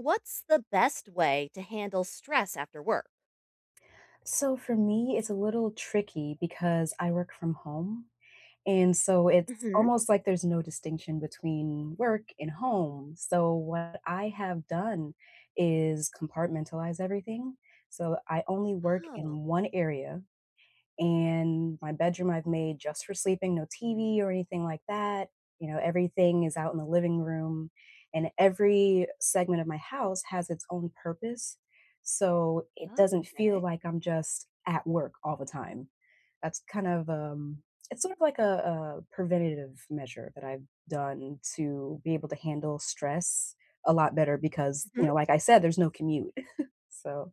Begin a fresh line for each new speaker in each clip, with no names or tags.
What's the best way to handle stress after work?
So for me, it's a little tricky because I work from home and, so it's
Mhm.
almost like there's no distinction between work and home, so what I have done is compartmentalize everything, so I only work
Oh.
in 1 area, and my bedroom I've made just for sleeping, no TV or anything like that, you know, everything is out in the living room, and every segment of my house has its own purpose, so it doesn't feel
Okay.
like I'm just at work all the time, that's kind of, um it's sort of like, uh, a preventative measure that I've done to be able to handle stress a lot better because, you
Mhm.
know, like I said, there's no commute. So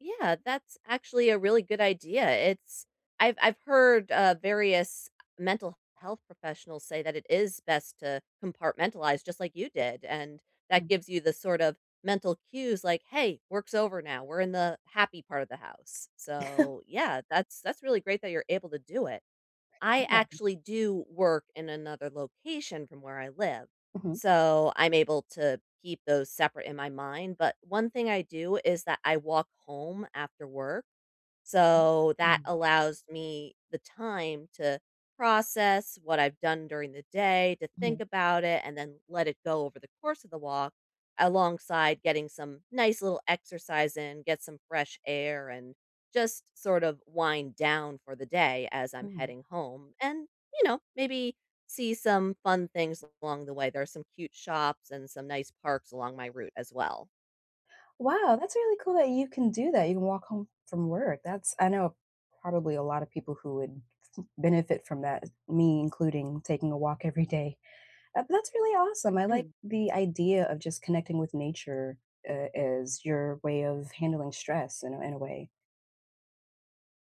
Yeah, that's actually a really good idea, it's I've I've heard, uh, various mental health professionals say that it is best to compartmentalize just like you did, and that
Mm.
gives you the sort of mental cues like, "Hey, work's over now, we're in the happy part of the house," so, yeah, that's that's really great that you're able to do it. I
Yeah.
actually do work in another location from where I live,
Mhm.
so I'm able to keep those separate in my mind, but one thing I do is that I walk home after work, so that
Mm.
allows me the time to process what I've done during the day, to think
Mhm.
about it, and then let it go over the course of the walk alongside getting some nice little exercise in, get some fresh air, and just sort of wind down for the day as I'm
Hmm.
heading home, and, you know, maybe see some fun things along the way, there are some cute shops and some nice parks along my route as well.
Wow, that's really cool that you can do that, you can walk home from work. That's I know probably a lotta people who would m benefit from that, me including taking a walk every day, eh, that's really awesome. I like
Mhm.
the idea of just connecting with nature a as your way of handling stress in a in a way.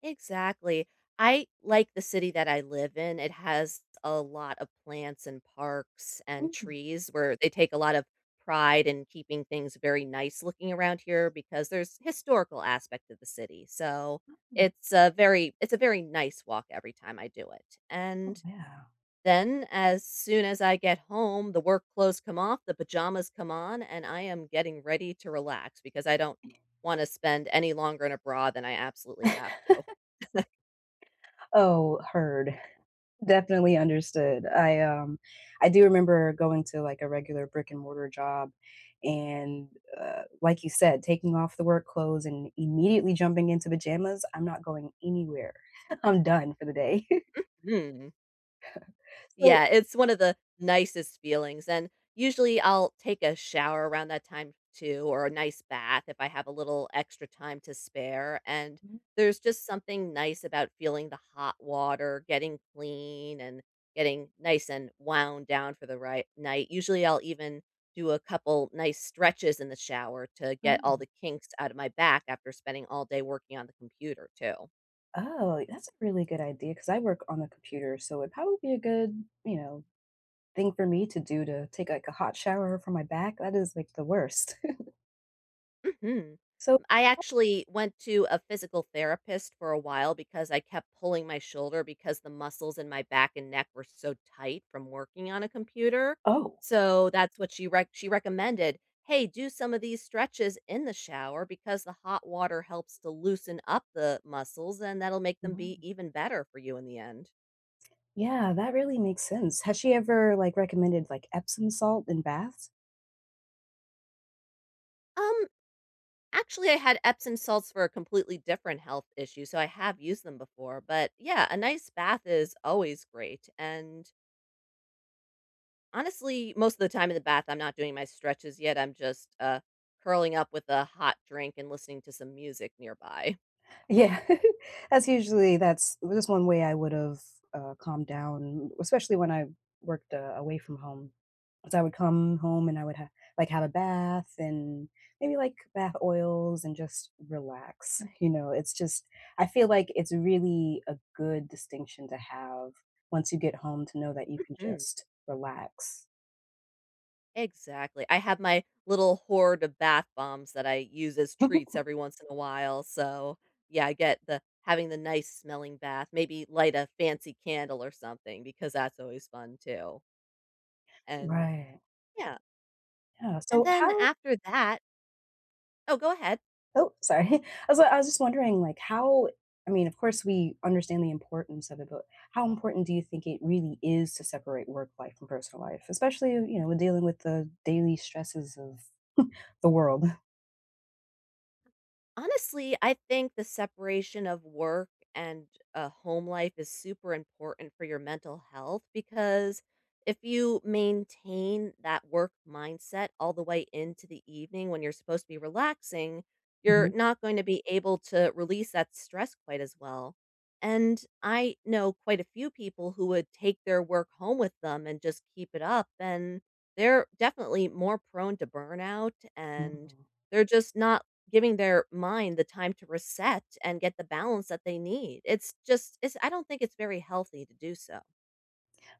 Exactly. I like the city that I live in, it has a lot of plants and parks and
Mhm.
trees where they take a lot of pride in keeping things very nice looking around here because there's historical aspect of the city, so,
Mhm.
it's a very it's a very nice walk every time I do it.
Oh,
And,
yeah.
then as soon as I get home, the work clothes come off, the pajamas come on, and I am getting ready to relax because I don't wanna spend any longer in a bra than I absolutely have to.
Oh, heard. Definitely understood. I, um, I do remember going to, like, a regular brick and mortar job, and, uh, like you said, taking off the work clothes and immediately jumping into pajamas, I'm not going anywhere, I'm done for the day.
Mhm.
So
Yeah, it's one of the nicest feelings, and usually, I'll take a shower around that time too or a nice bath if I have a little extra time to spare and
Mm.
there's just something nice about feeling the hot water, getting clean, and getting nice and wound down for the right night. Usually, I'll even do a couple nice stretches in the shower to get all the
Oh.
kinks outta my back after spending all day working on the computer too.
Oh, that's a really good idea 'cause I work on a computer, so, it probably be a good, you know, thing for me to do to take, like, a hot shower for my back, that is, like, the worst.
Mhm.
So
I
Oh.
actually went to a physical therapist for a while because I kept pulling my shoulder because the muscles in my back and neck were so tight from working on a computer,
Oh.
so, that's what she rec she recommended, "Hey, do some of these stretches in the shower because the hot water helps to loosen up the muscles, and that'll make them be
Mm.
even better for you in the end".
Yeah that really makes sense. Has she ever, like, recommended, like, Epsom salt in baths?
Um, actually, I had Epsom salts for a completely different health issue, so I have used them before. But, yeah, a nice bath is always great and honestly, most the time in the bath, I'm not doing my stretches yet, I'm just, uh, curling up with a hot drink and listening to some music nearby.
Yeah. That's usually that's that's one way I would've, uh, calmed down, especially when I worked, uh, away from home. So, I would come home and I would ha like, have a bath and maybe, like, bath oils and just relax, you know? It's just I feel like it's really a good distinction to have once you get home to know that you can
Mhm.
just relax.
Exactly, I have my little horde of bath bombs that I use as treats every once in a while, so yeah, I get the having the nice smelling bath, maybe light a fancy candle or something because that's always fun, too. And
Right.
yeah.
Yeah,
And
so
then,
how
after that Oh, go ahead.
Oh, sorry, I was I was just wondering, like, how I mean, of course, we understand the importance of it, but how important do you think it really is to separate work life from personal life, especially, in you know, in dealing with the daily stresses of the world?
Honestly, I think the separation of work and a home life is super important for your mental health because if you maintain that work mindset all the way into the evening when you're supposed to be relaxing, you're
Mhm.
not going to be able to release that stress quite as well and I know quite a few people who would take their work home with them and just keep it up, and they're definitely more prone to burnout, and
Oh.
they're just not giving their mind the time to reset and get the balance that they need, it's just it's I don't think it's very healthy to do so.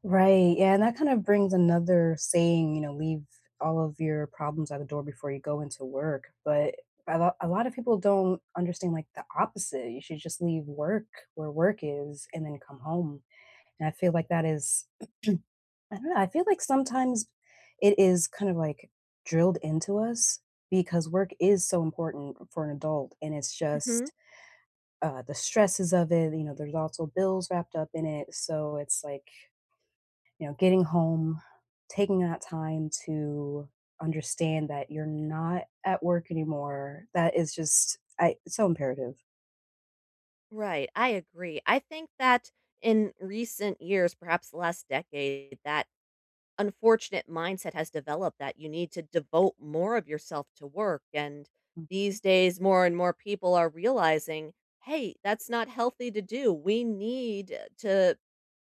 Right, yeah, and that kind of brings another saying, you know "Leave all of your problems at the door before you go into work." But, a lot a lot of people don't understand, like, the opposite, you should just leave work where work is and then come home, and I feel like that is I don't know, I feel like sometimes it is kind of, like, drilled into us because work is so important for an adult and it's
Mhm.
just uh, the stresses of it, you know, there's also bills wrapped up in it, so it's like you know, getting home, taking that time to understand that you're not at work anymore, that is just I so imperative.
Right, I agree, I think that in recent years- perhaps the last decade- that unfortunate mindset has developed that you need to devote more of yourself to work and,
Mm.
these days, more and more people are realizing, “Hey, that's not healthy to do, we need to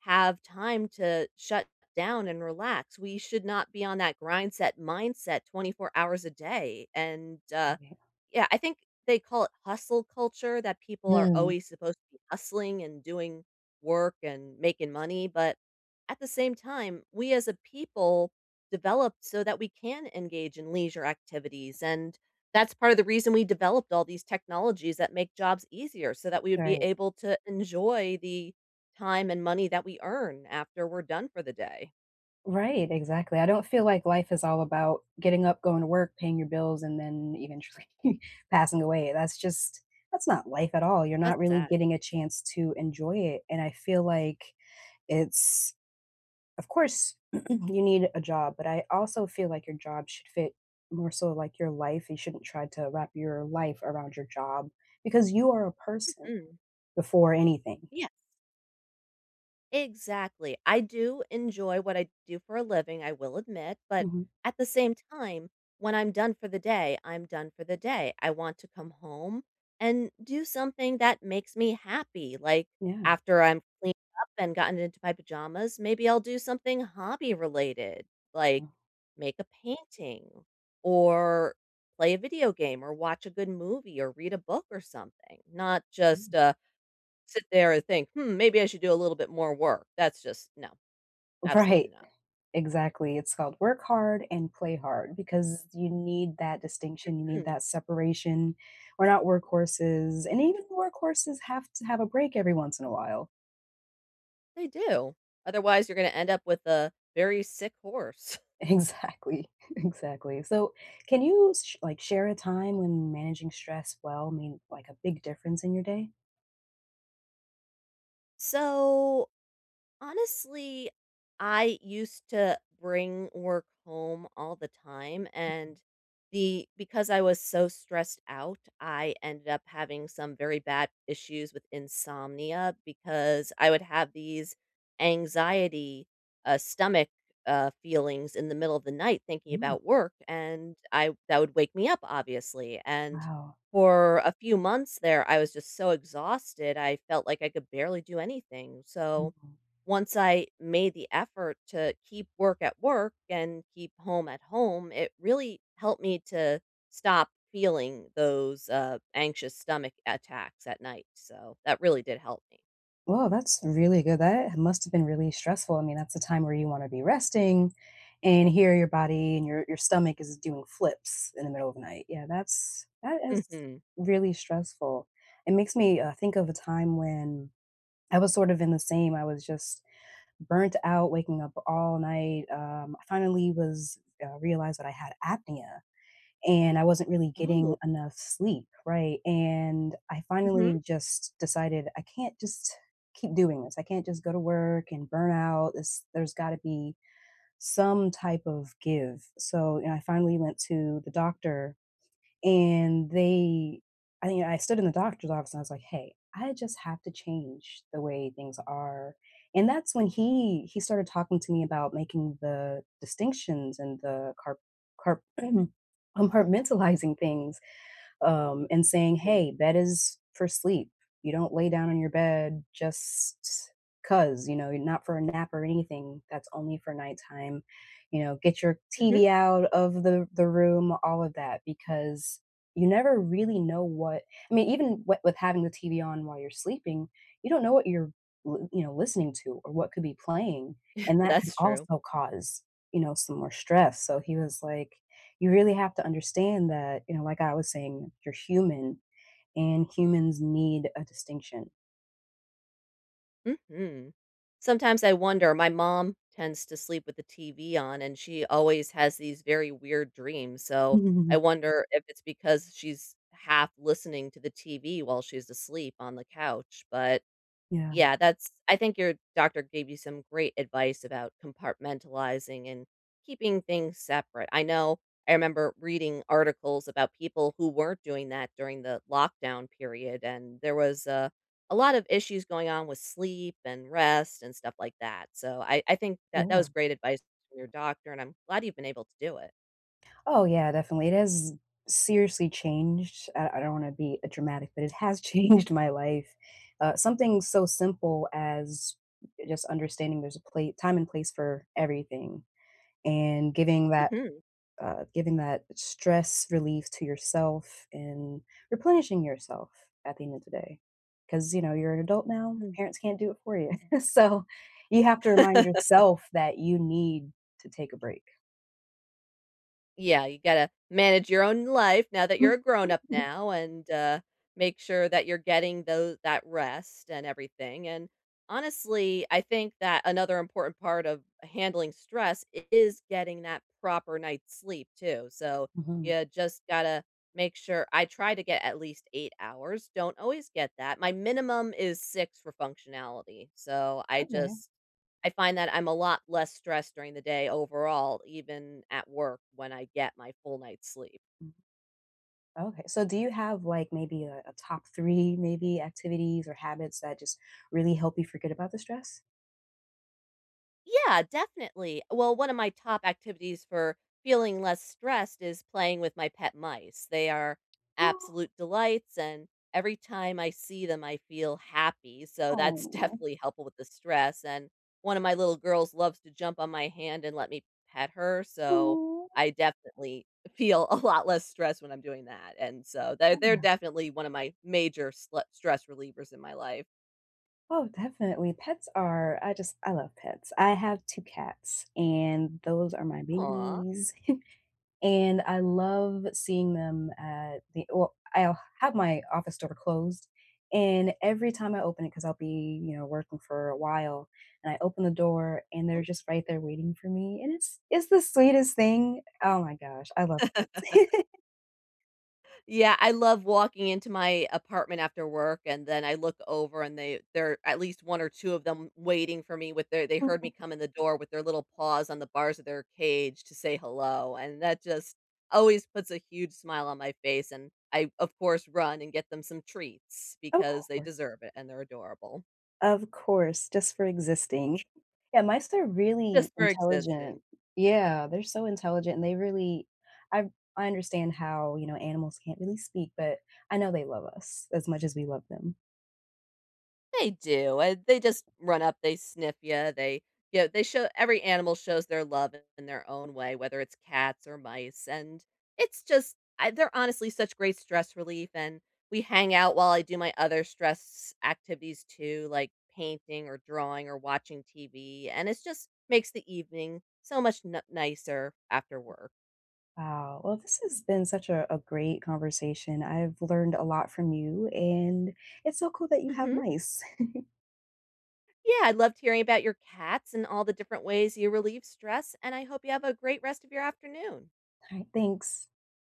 have time to shut down and relax, we should not be on that 'grindset-mindset' 24 hours a day." And,
M
uh
yeah.
yeah, I think they call it "hustle culture" that people are
Mhm.
always supposed to be hustling, and doing work, and making money, but at the same time, we as a people develop so that we can engage in leisure activities, and that's part of the reason we developed all these technologies that make jobs easier so that we would be
Right.
able to enjoy the time and money that we earn after we're done for the day.
Right, exactly, I don't feel like life is all about getting up, going to work, paying your bills, and then eventually passing away. That's just that's not life at all, you're
That's
not really
sad.
getting a chance to enjoy it, and I feel like it's Of course, you need a job, but I also feel like your job should fit, more so, like, your life, you shouldn't try to wrap your life around your job, because you are a person
Mhm.
before anything.
Yes. Exactly. I do enjoy what I do for a living, I will admit, but
Mhm.
at the same time, when I'm done for the day, I'm done for the day. I want to come home and do something that makes me happy, like,
Yeah.
after I'm cleaned up and gotten into my pajamas, maybe I'll do something hobby-related, like,
Mm
make a painting, or play a video game, or watch a good movie, or read a book or something. Not
Mm.
just, uh, sit there and think, "Hmm, maybe I should do a little bit more work." That's just No. Absolutely
Right.
not.
Exactly, it's called "work hard and play hard," because you need that distinction, you need
Mhm.
that separation. We're not workhorses, and even workhorses have to have a break every once in a while.
They do. Otherwise, you're gonna end up with a very sick horse.
Exactly, exactly. So, can you sh like, share a time when managing stress well made, like, a big difference in your day?
So, honestly, I used to bring work home all the time,
Mhm.
and the because I was so stressed out, I ended up having some very bad issues with insomnia, because I would have these anxiety, uh, stomach, uh, feelings in the middle of the night thinking
Mm.
about work, and I that would wake me up, obviously, and
Wow.
for a few months there, I was just so exhausted, I felt like I could barely do anything, so,
Wow.
once I made the effort to keep work at work, and keep home at home, it really helped me to stop feeling those, uh, anxious stomach attacks at night, so, that really did help me.
Whoa, that's really good, that ha must've been really stressful, I mean, that's the time where you wanna be resting, and here, your body and your your stomach is doing flips in the middle of the night. Yeah, that's that is
Mhm.
really stressful. It makes me, uh, think of a time when I was sort of in the same, I was just burnt out, waking up all night, um, I finally was uh, realized that I had apnea, and I wasn't really
Oh.
getting enough sleep, right? And I
Mhm.
finally just decided I can't just keep doing this. I can't just go to work, and burn out, this there's gotta be some type of give. So, you know, I finally went to the doctor, and they I I stood in the doctor's office, and I was like, "Hey, I just have to change the way things are," and that's when he he started talking to me about making the distinctions, and the car car compartmentalizing things, um, and saying,
Right.
"Hey, bed is for sleep." You don't lay down on your bed just 'cause, you know? Y not for a nap or anything, that's only for nighttime, you know, get your
Mhm.
TV out of the the room, all of that, because you never really know what I mean, even w with having the TV on while you're sleeping, you don't know what you're l you know, l listening to, or what could be playing, and that can
That's true.
also cause, you know, some more stress, so he was like, "You really have to understand that," you know, like I was saying, "you're human, and humans need a distinction."
Mhm. Sometimes I wonder my mom tends to sleep with the TV on and she always has these very weird dreams so, I
Mm.
wonder if it's because she's half listening to the TV while she's asleep on the couch, but,
Yeah.
yeah, that's I think your doctor gave you some great advice about compartmentalizing and, keeping things separate. I know I remember reading articles about people who weren't doing that during the lockdown period, and there was a a lot of issues going on with sleep and rest and stuff like that, so I I think that that
Yeah.
was great advice from your doctor and I'm glad you've been able to do it.
Oh, yeah definitely it has seriously changed uh, I don't wanna be a dramatic, but it has changed my life. Uh, something so simple as just understanding there's a pla time and place for everything and, giving that
Mhm.
uh, giving that stress relief to yourself and, replenishing yourself at the end of the day 'cause, you know, you're an adult now,
Mm.
parents can't do it for you. So, you have to remind yourself that you need to take a break.
Yeah, you gotta manage your own life now that you're a grown up now and, uh, make sure that you're getting though that rest and everything, and, honestly, I think that another important part of handling stress is getting that proper night's sleep too, so
Mhm.
you just gotta make sure I try to get at least 8 hours, don't always get that, my minimum is 6 for functionality, so I
Okay.
just I find that I'm a lot less stressed during the day overall even at work when I get my full night's sleep.
Mhm. Okay, so do you have, like, maybe a a top 3 maybe activities or habits that just really help you forget about the stress?
Yeah, definitely, well, one of my top activities for feeling less stressed is playing with my pet mice, they are
Aw.
absolute delights and every time I see them, I feel happy, so that's
Aw.
definitely helpful with the stress, and one of my little girls loves to jump on my hand and let me pet her, so
Aw.
I definitely feel a lot less stress when I'm doing that, and, so they're
I
they're
know.
definitely one of my major sle stress relievers in my life.
Oh, definitely. Pets are I just I love pets. I have 2 cats, and those are my
Aw.
babies. And I love seeing them at the well, I'll have my office door closed, and every time I open it, ‘cause I'll be, you know, working for a while, and I open the door, and they're
Mhm.
just right there waiting for me, and it's it's the sweetest thing. Oh my gosh, I love it.
Yeah, I love walking into my apartment after work, and then I look over and they they're at least 1 or 2 of them waiting for me with their they heard me
Aw.
come in the door with their little paws on the bars of their cage to say hello, and that just always puts a huge smile on my face, and I, of course, run and get them some treats
Oh,
because they
core.
deserve it, and they're adorable.
Of course, just for existing. And mice are really
Just for existing.
intelligent. Yeah, they're so intelligent, and they really I I understand how, you know, animals can't really speak, but I know they love us as much as we love them.
They do, and they just run up, they sniff ya, they yeah, they show every animal shows their love in in their own way, whether it's cats or mice, and it's just I they're honestly such great stress relief, and we hang out while I do my other stress activities too, like painting or drawing or watching TV, and it’s just makes the evening so much n nicer after work.
Wow, well, this has been such a a great conversation. I've learned a lot from you, and it's so cool that you have
Mhm.
mice.
Yeah, I loved hearing about your cats and all the different ways you relieve stress, and I hope you have a great rest of your afternoon.
Alright, thanks.